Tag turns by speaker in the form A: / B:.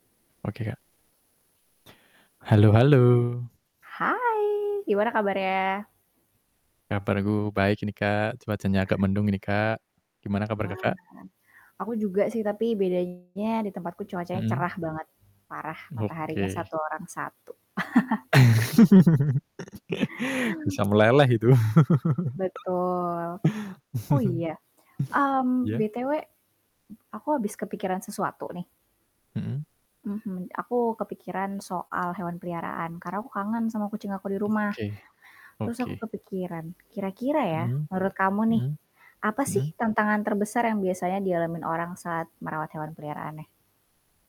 A: Oke, Kak. Halo halo.
B: Hai, gimana kabarnya?
A: Kabarku baik ini, Kak, cuacanya agak mendung ini, Kak, gimana kabar
B: Wah, mhm.
A: Kakak?
B: Aku juga sih tapi bedanya di tempat ku cuacanya
A: Mhm.
B: cerah banget, parah, mataharinya
A: Oke.
B: satu orang satu.
A: Bisa meleleh itu.
B: Betul. Oh, iya, mmm,
A: Iya.
B: BTW, aku abis kepikiran sesuatu nih.
A: Mhm.
B: Mhm. Aku kepikiran soal hewan peliharaan, karena aku kangen sama kucing aku di rumah.
A: Oke,
B: Terus aku
A: oke.
B: kepikiran kira-kira, ya,
A: Mhm
B: menurut kamu nih,
A: mhm
B: apa sih
A: mhm.
B: tantangan terbesar yang biasanya dialami orang saat merawat hewan peliharaannya?